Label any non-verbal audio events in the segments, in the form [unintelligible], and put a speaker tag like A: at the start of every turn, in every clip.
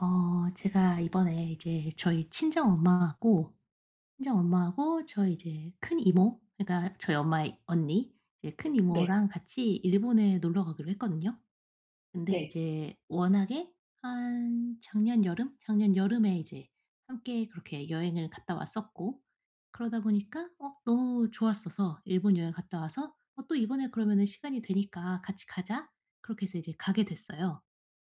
A: 어. 제가 이번에 이제 저희 친정 엄마하고 친정 엄마하고 저희 이제 큰 이모 그러니까 저희 엄마의 언니. 이제 큰
B: 네.
A: 이모랑 같이 일본에 놀러 가기로 했거든요. 근데
B: 네.
A: 이제 워낙에 한 작년 여름? 작년 여름에 이제 함께 그렇게 여행을 갔다 왔었고 그러다 보니까 어 너무 좋았어서 일본 여행을 갔다 와서 "어, 또 이번에 그러면은 시간이 되니까 같이 가자." 그렇게 해서 이제 가게 됐어요.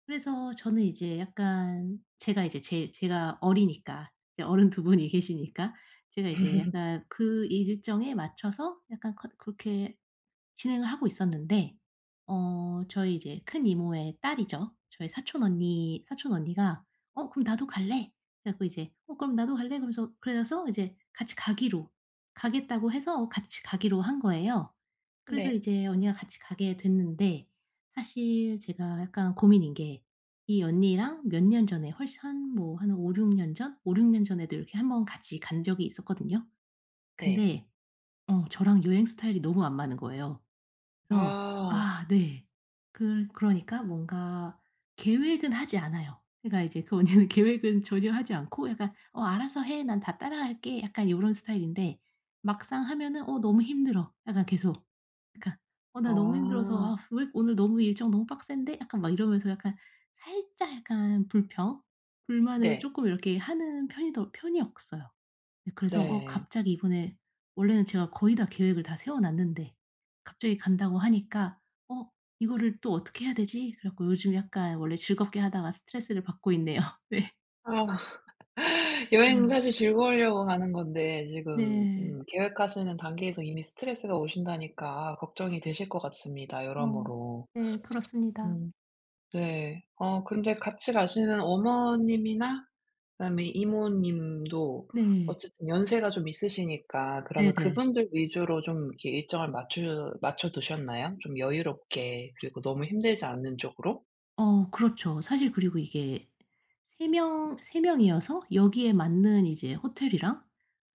A: 그래서 저는 이제 약간 제가 이제 제 제가 어리니까 이제 어른 2 분이 계시니까 제가 이제
B: [laughs]
A: 약간 그 일정에 맞춰서 약간 커 그렇게 진행을 하고 있었는데 어 저희 이제 큰 이모의 딸이죠. 저희 사촌 언니 사촌 언니가 "어 그럼 나도 갈래." 그래 갖고 이제 "어 그럼 나도 갈래." 그러면서 그래서 이제 같이 가기로 가겠다고 해서 같이 가기로 한 거예요. 그래서
B: 네.
A: 이제 언니가 같이 가게 됐는데 사실 제가 약간 고민인 게 이 언니랑 몇 년 전에 훨씬 한 뭐 한 5-6 년 전 5-6 년 전에도 이렇게 1 번 같이 간 적이 있었거든요.
B: 네.
A: 근데 어 저랑 여행 스타일이 너무 안 맞는 거예요. 그래서
B: 아.
A: 아 네 그러 그러니까 뭔가 계획은 하지 않아요. 그러니까 이제 그 언니는 계획은 전혀 하지 않고 약간 "어 알아서 해. 난 다 따라갈게." 약간 요런 스타일인데 막상 하면은 "어 너무 힘들어." 약간 계속 그러니까 "어 나 너무 힘들어서. 아
B: 아.
A: 왜 오늘 너무 일정 너무 빡센데." 약간 막 이러면서 약간 살짝 약간 불평 불만을
B: 네.
A: 쪼끔 이렇게 하는 편이 더 편이었어요. 그래서 어
B: 네.
A: 갑자기 이번에 원래는 제가 거의 다 계획을 다 세워 놨는데 갑자기 간다고 하니까 '어 이거를 또 어떻게 해야 되지?' 그래 갖고 요즘 약간 원래 즐겁게 하다가 스트레스를 받고 있네요. 네.
B: [sighs] 여행은
A: 음.
B: 사실 즐거우려고 가는 건데 지금 음
A: 네.
B: 계획하시는 단계에서 이미 스트레스가 오신다니까 걱정이 되실 것 같습니다
A: 어
B: 여러모로.
A: 네. 그렇습니다.
B: 음 네. 어 근데 같이 가시는 어머님이나 그다음에 이모님도
A: 네.
B: 어쨌든 연세가 좀 있으시니까 그러면
A: 네네.
B: 그분들 위주로 좀 이렇게 일정을 맞추 맞춰두셨나요? 좀 여유롭게 그리고 너무 힘들지 않은 쪽으로?
A: 어 그렇죠. 사실 그리고 이게 3 명 3 명이어서 여기에 맞는 이제 호텔이랑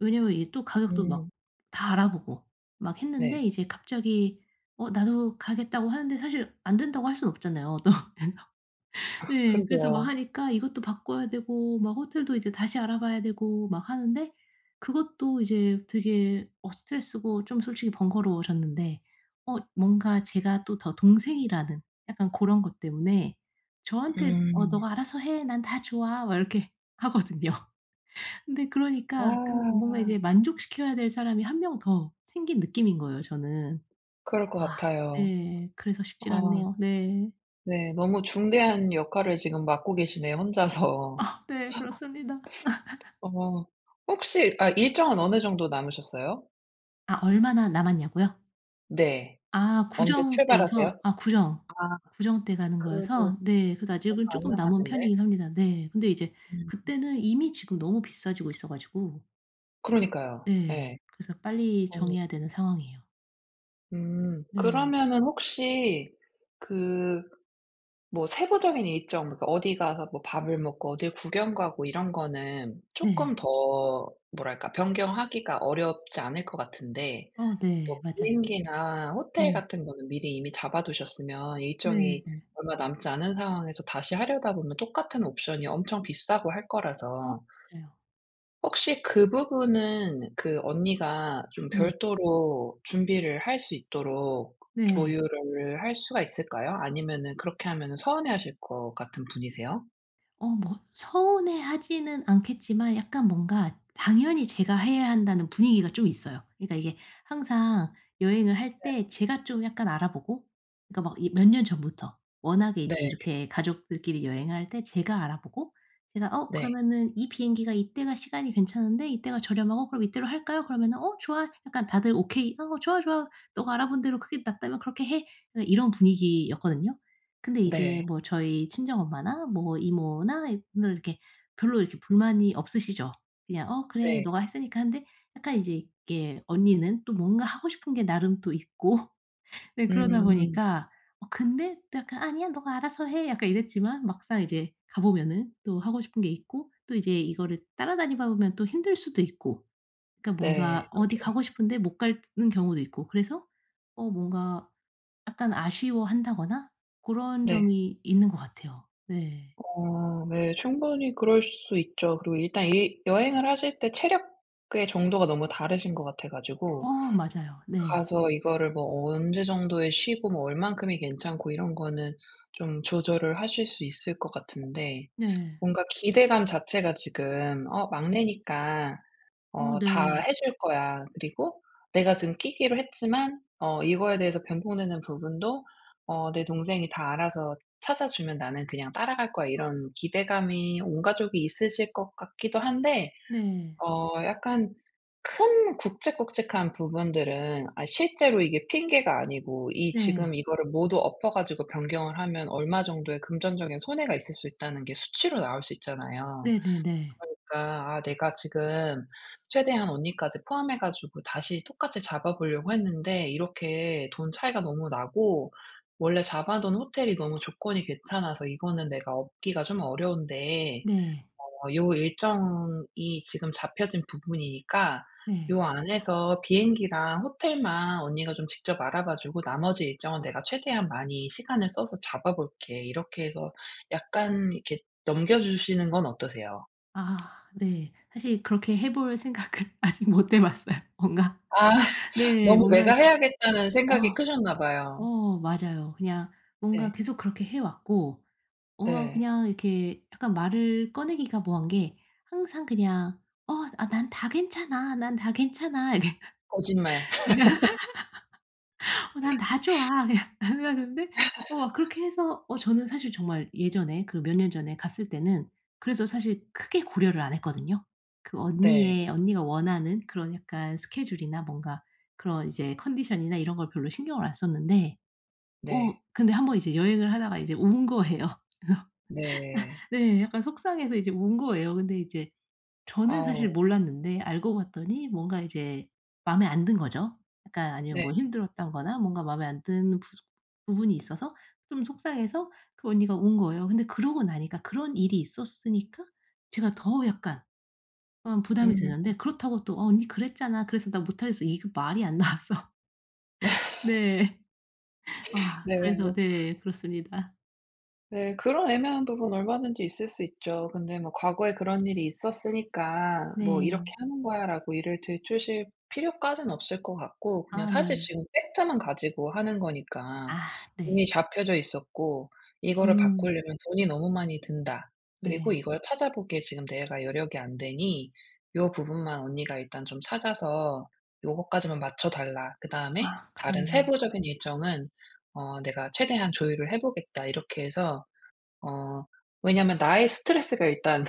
A: 왜냐하면 이게 또 가격도 막
B: 음.
A: 다 알아보고 막 했는데
B: 네.
A: 이제 갑자기 "어 나도 가겠다."고 하는데 사실 안 된다고 할 수는 없잖아요 또. 그래서 네. 그래서 뭐
B: 그러게요.
A: 하니까 이것도 바꿔야 되고 막 호텔도 이제 다시 알아봐야 되고 막 하는데 그것도 이제 되게 어 스트레스고 좀 솔직히 번거로워졌는데. 어 뭔가 제가 또 더 동생이라는 약간 고런 것 때문에 저한테 "어
B: 음.
A: 너가 알아서 해. 난 다 좋아." 막 이렇게 하거든요. 근데 그러니까 근 뭔가
B: 아.
A: 이제 만족시켜야 될 사람이 1 명 더 생긴 느낌인 거예요 저는.
B: 그럴 것
A: 아
B: 같아요.
A: 네. 그래서 쉽지가
B: 아.
A: 않네요. 네.
B: 네 너무 중대한 역할을 지금 맡고 계시네요 혼자서.
A: 아 네 그렇습니다. [laughs]
B: 어. 혹시 아 일정은 어느 정도 남으셨어요?
A: 아 얼마나 남았냐고요?
B: 네.
A: 아
B: 언제
A: 구정
B: 출발하세요?
A: 때여서 아 구정,
B: 아
A: 구정 때 가는
B: 그래도
A: 거여서 네 그래서 아직은
B: 얼마 안
A: 쪼끔 남은
B: 남았는데.
A: 편이긴 합니다. 네. 근데 이제
B: 음.
A: 그때는 이미 지금 너무 비싸지고 있어 가지고
B: 그러니까요 예.
A: 네 그래서 빨리
B: 어.
A: 정해야 되는 상황이에요.
B: 음.
A: 네.
B: 그러면은 혹시 그 뭐 세부적인 일정 그러니까 어디 가서 뭐 밥을 먹고 어딜 구경 가고 이런 거는
A: 네.
B: 쪼끔 더 뭐랄까 변경하기가 어렵지 않을 것 같은데
A: 어 네.
B: 뭐
A: 맞아요.
B: 비행기나 호텔
A: 음.
B: 같은 거는 미리 이미 잡아 두셨으면 일정이
A: 네.
B: 얼마 남지 않은 상황에서 다시 하려다 보면 똑같은 옵션이 엄청 비싸고 할
A: 어
B: 거라서
A: 맞아요.
B: 혹시 그 부분은 그 언니가 좀
A: 네.
B: 별도로 준비를 할 수 있도록
A: 네.
B: 조율을 할 수가 있을까요? 아니면은 그렇게 하면은 서운해하실 것 같은 분이세요?
A: 어 뭐 서운해하지는 않겠지만 약간 뭔가 당연히 제가 해야 한다는 분위기가 좀 있어요. 그러니까 이게 항상 여행을 할
B: 네.
A: 때 제가 좀 약간 알아보고 그러니까 막 이 몇 년 전부터 워낙에
B: 네.
A: 이제 이렇게 가족들끼리 여행할 때 제가 알아보고 제가 "어
B: 네.
A: 그러면은 이 비행기가 이때가 시간이 괜찮은데 이때가 저렴하고 그럼 이때로 할까요?" 그러면은 "어 좋아." 약간 다들 "오케이. 아 좋아, 좋아. 너가 알아본 대로 그게 낫다면 그렇게 해." 그냥 이런 분위기였거든요. 근데
B: 네.
A: 이제 뭐 저희 친정엄마나 뭐 이모나 이분들 이렇게 별로 이렇게 불만이 없으시죠. 그냥 "어 그래.
B: 네.
A: 너가 했으니까." 하는데 약간 이제 이렇게 언니는 또 뭔가 하고 싶은 게 나름 또 있고 네 그러다
B: 음.
A: 보니까 어 근데 또 약간 "아니야. 너가 알아서 해." 약간 이랬지만 막상 이제 가 보면은 또 하고 싶은 게 있고 또 이제 이거를 따라다니다 보면 또 힘들 수도 있고 그러니까
B: 네
A: 뭔가 어디
B: 그죠.
A: 가고 싶은데 못 가는 경우도 있고 그래서 어 뭔가 약간 아쉬워한다거나 고런
B: 네.
A: 점이 있는 것 같아요. 네.
B: 어 네. 충분히 그럴 수 있죠. 그리고 일단 이 여행을 하실 때 체력의 정도가 너무 다르신 것 같아 가지고
A: 어 맞아요. 네.
B: 가서 이거를 뭐 언제 정도에 쉬고 뭐 얼마큼이 괜찮고 이런 거는 좀 조절을 하실 수 있을 것 같은데
A: 네.
B: 뭔가 기대감 자체가 지금 '어 막내니까
A: 어
B: 어 다
A: 네.
B: 해 줄 거야. 그리고 내가 지금 끼기로 했지만 어 이거에 대해서 변통되는 부분도 어 내 동생이 다 알아서 찾아 주면 나는 그냥 따라갈 거야.' 이런 기대감이 온 가족이 있으실 것 같기도 한데
A: 네.
B: 어 약간 큰 굵직굵직한 부분들은 아 실제로 이게 핑계가 아니고 이
A: 네.
B: 지금 이거를 모두 엎어 가지고 변경을 하면 얼마 정도의 금전적인 손해가 있을 수 있다는 게 수치로 나올 수 있잖아요.
A: 네네네.
B: 그러니까 "아 내가 지금 최대한 언니까지 포함해 가지고 다시 똑같이 잡아 보려고 했는데 이렇게 돈 차이가 너무 나고 원래 잡아 둔 호텔이 너무 조건이 괜찮아서 이거는 내가 엎기가 좀 어려운데
A: 네.
B: 어 요 일정이 지금 잡혀진 부분이니까
A: 네.
B: 요 안에서 비행기랑 호텔만 언니가 좀 직접 알아봐 주고 나머지 일정은 내가 최대한 많이 시간을 써서 잡아 볼게." 이렇게 해서 약간 이렇게 넘겨 주시는 건 어떠세요?
A: 아. 네. 사실 그렇게 해 볼 생각은 아직 못 해 봤어요. 뭔가
B: 아.
A: 네.
B: 너무
A: 뭔가
B: 내가
A: 이렇게
B: 해야겠다는 생각이
A: 어
B: 크셨나 봐요.
A: 어 맞아요. 그냥 뭔가
B: 네.
A: 계속 그렇게 해 왔고 어
B: 네.
A: 그냥 이렇게 약간 말을 꺼내기가 뭐한 게 항상 그냥 "어 난 다 괜찮아. 난 다 괜찮아." 이렇게
B: 거짓말. [laughs]
A: [laughs] "어 난 다
B: [laughs]
A: 좋아." 그냥 언니가 그러는데 어
B: [laughs]
A: 그렇게 해서 어 저는 사실 정말 예전에 그 몇 년 전에 갔을 때는 그래서 사실 크게 고려를 안 했거든요. 그
B: 네.
A: 언니의 언니가 원하는 그런 약간 스케줄이나 뭔가 그런 이제 컨디션이나 이런 걸 별로 신경을 안 썼는데
B: 네.
A: 어 근데 한 번 이제 여행을 하다가 이제 운 거예요. [laughs] 그래서
B: 네.
A: 네 약간 속상해서 이제 운 거예요. 근데 이제 저는 사실
B: 아우.
A: 몰랐는데 알고 봤더니 뭔가 이제 마음에 안 든 거죠. 약간 아니면
B: 네.
A: 뭐 힘들었다거나 뭔가 마음에 안 드는 부분이 있어서 좀 속상해서 그 언니가 운 거예요. 근데 그러고 나니까 그런 일이 있었으니까 제가 더 약간 어 부담이
B: 음.
A: 되는데 그렇다고 또 "어 언니 그랬잖아. 그래서 난 못 하겠어." 이거 말이 안 나와서 [laughs]
B: [laughs]
A: 네. 아
B: 네
A: 그래서
B: 뭐
A: 네 그렇습니다.
B: 네 그런 애매한 부분 얼마든지 있을 수 있죠. 근데 뭐 "과거에 그런 일이 있었으니까 뭐 이렇게
A: 네.
B: 하는 거야."라고 일을 들추실 필요까지는 없을 것 같고 그냥
A: 아.
B: 사실
A: 네.
B: 지금 팩트만 가지고 하는 거니까
A: 아 네.
B: "이미 잡혀져 있었고 이거를
A: 음.
B: 바꾸려면 돈이 너무 많이 든다. 그리고
A: 네.
B: 이걸 찾아보기에 지금 내가 여력이 안 되니 요 부분만 언니가 일단 좀 찾아서 요거까지만 맞춰 달라. 그다음에
A: 아
B: 다른
A: 그러네요.
B: 세부적인 일정은 어 내가 최대한 조율을 해보겠다." 이렇게 해서 어 왜냐면 나의 스트레스가 일단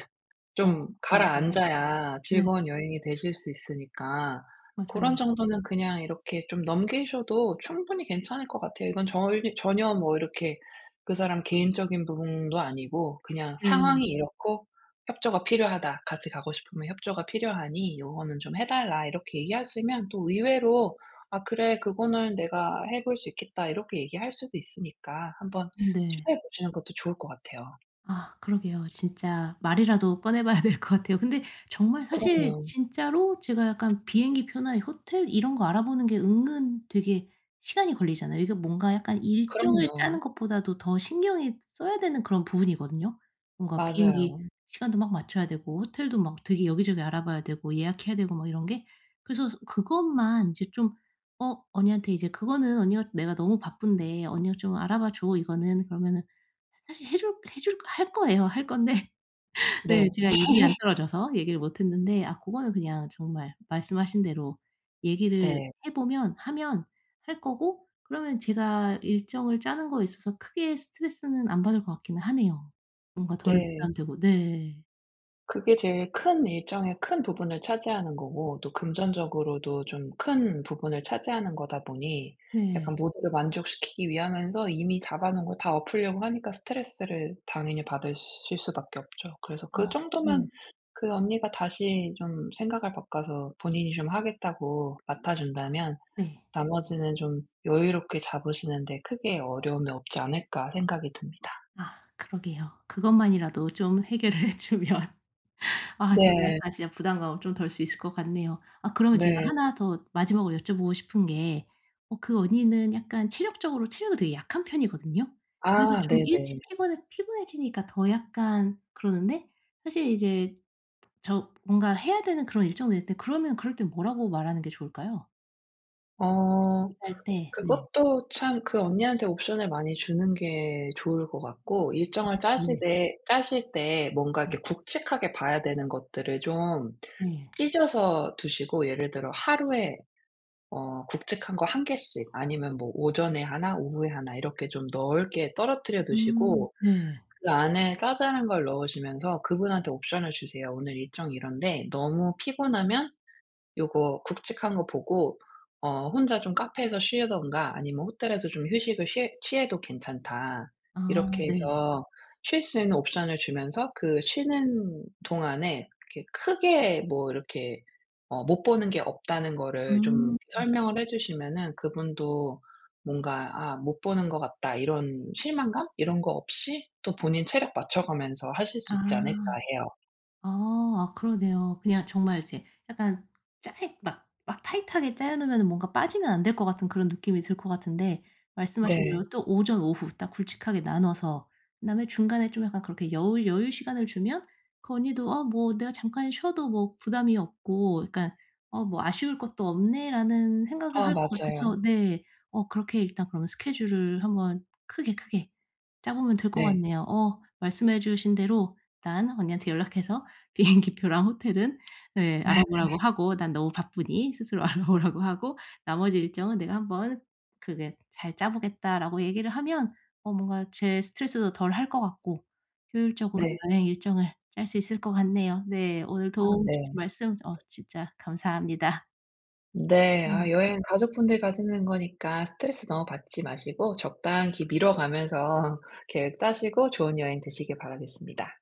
A: 어
B: 좀
A: 맞아요.
B: 가라앉아야
A: 네.
B: 즐거운 여행이 되실 수 있으니까 고런
A: 맞아요.
B: 정도는 그냥 이렇게 좀 넘기셔도 충분히 괜찮을 것 같아요. 이건 절 전혀 뭐 이렇게 그 사람 개인적인 부분도 아니고 그냥
A: 네.
B: 상황이 이렇고 협조가 필요하다. 같이 가고 싶으면 협조가 필요하니 요거는 좀 해 달라 이렇게 얘기하시면 또 의외로 "아 그래 그거는 내가 해볼 수 있겠다." 이렇게 얘기할 수도 있으니까 한번
A: 네.
B: 시도해 보시는 것도 좋을 것 같아요.
A: 아 그러게요. 진짜 말이라도 꺼내봐야 될 거 같아요. 근데 정말 사실
B: 그럼요.
A: 진짜로 제가 약간 비행기 표나 호텔 이런 거 알아보는 게 은근 되게 시간이 걸리잖아요. 이게 뭔가 약간 일정을
B: 그럼요.
A: 짜는 것보다도 더 신경이 써야 되는 그런 부분이거든요. 뭔가 비행기
B: 맞아요.
A: 시간도 막 맞춰야 되고 호텔도 막 되게 여기저기 알아봐야 되고 예약해야 되고 막 이런 게. 그래서 서 그것만 이제 좀 어 언니한테 이제 그거는 언니가 "내가 너무 바쁜데 언니가 좀 알아봐 줘. 이거는." 그러면은 사실 해줄 해줄 할 거예요. 할 건데 네.
B: 네.
A: 제가 입이 안
B: [laughs]
A: 떨어져서 얘기를 못 했는데 아 고거는 그냥 정말 말씀하신 대로 얘기를
B: 네.
A: 해보면 하면 할 거고 그러면 제가 일정을 짜는 거에 있어서 크게 스트레스는 안 받을 것 같기는 하네요. 뭔가 덜
B: 네.
A: 부담되고. 네.
B: 그게 제일 큰 일정의 큰 부분을 차지하는 거고 또 금전적으로도 좀 큰 부분을 차지하는 거다 보니
A: 네.
B: 약간 모두를 만족시키기 위하면서 이미 잡아 놓은 걸 다 엎으려고 하니까 스트레스를 당연히 받으실 수밖에 없죠. 그래서
A: 어 네.
B: 그정도면 '그 언니가 다시 좀 생각을 바꿔서 본인이 좀 하겠다고 맡아 준다면
A: 네.
B: 나머지는 좀 여유롭게 잡으시는데 크게 어려움이 없지 않을까?' 생각이 듭니다.
A: 아 그러게요. 그것만이라도 좀 해결을 해 주면 아 제가
B: 네.
A: 아 진짜 부담감을 좀 덜 수 있을 것 같네요. 아 그러면 제가
B: 네.
A: 1 더 마지막으로 여쭤보고 싶은 게 어 그 언니는 약간 체력적으로 체력이 되게 약한 편이거든요. 그래서
B: 아
A: 좀
B: 네네.
A: 일찍 피곤해 피곤해지니까 더 약간 그러는데 사실 이제 저 뭔가 해야 되는 그런 일정도 있는데 그러면 그럴 땐 뭐라고 말하는 게 좋을까요?
B: 어.
A: [unintelligible] 할 때 네.
B: 그것도 참 그 언니한테 옵션을 많이 주는 게 좋을 것 같고
A: 어
B: 일정을
A: 네.
B: 짜시되 짜실 때 뭔가 이렇게
A: 네.
B: 굵직하게 봐야 되는 것들을 좀
A: 네.
B: 찢어서 두시고 예를 들어 하루에 어 굵직한 거 1 개씩 아니면 뭐 오전에 1 오후에 1 이렇게 좀 넓게 떨어뜨려
A: 음
B: 두시고
A: 네.
B: 그 안에 자잘한 걸 넣으시면서 그분한테 옵션을 주세요. "오늘 일정이 이런데 너무 피곤하면 요거 굵직한 거 보고 어 혼자 좀 카페에서 쉬든가 아니면 호텔에서 좀 휴식을 쉬해 취해도 괜찮다."
A: 아
B: 이렇게
A: 네.
B: 해서 쉴 수 있는 옵션을 주면서 그 쉬는 동안에 그렇게 크게 뭐 이렇게 어 못 보는 게 없다는 거를 좀
A: 음.
B: 설명을 해 주시면은 그분도 뭔가 '아 못 보는 것 같다.' 이런 실망감? 이런 거 없이 또 본인 체력 맞춰 가면서 하실
A: 아.
B: 수 있지 않을까 해요.
A: 아. 아 그러네요. 그냥 정말 이제 약간 짜이 막 막 타이트하게 짜여 놓으면은 뭔가 빠지면 안 될 것 같은 그런 느낌이 들 것 같은데 말씀하신
B: 네.
A: 대로 또 오전, 오후 딱 굵직하게 나눠서 그다음에 중간에 좀 약간 그렇게 여우 여유 시간을 주면 그 언니도 '아 뭐 내가 잠깐 쉬어도 뭐 부담이 없고.' 그러니까 '어 뭐 아쉬울 것도 없네.'라는 생각을
B: 아
A: 할 것
B: 맞아요.
A: 같아서 네 어 그렇게 일단 그러면 스케줄을 한번 크게 크게 짜보면 될 것
B: 네.
A: 같네요. 어 말씀해 주신 대로 일단 언니한테 연락해서 비행기 표랑 호텔은 네 알아보라고
B: [laughs]
A: 하고 "난 너무 바쁘니 스스로 알아보라."고 하고 "나머지 일정은 내가 한번 크게 잘 짜 보겠다."라고 얘기를 하면 어 뭔가 제 스트레스도 덜 할 것 같고 효율적으로
B: 네.
A: 여행 일정을 짤 수 있을 것 같네요. 네. 오늘
B: 아
A: 도움
B: 네.
A: 주신 말씀 어 진짜 감사합니다.
B: 네. 아
A: 음.
B: 여행 가족분들 가시는 거니까 스트레스 너무 받지 마시고 적당히 기 미뤄 가면서 계획 짜시고 좋은 여행 되시길 바라겠습니다.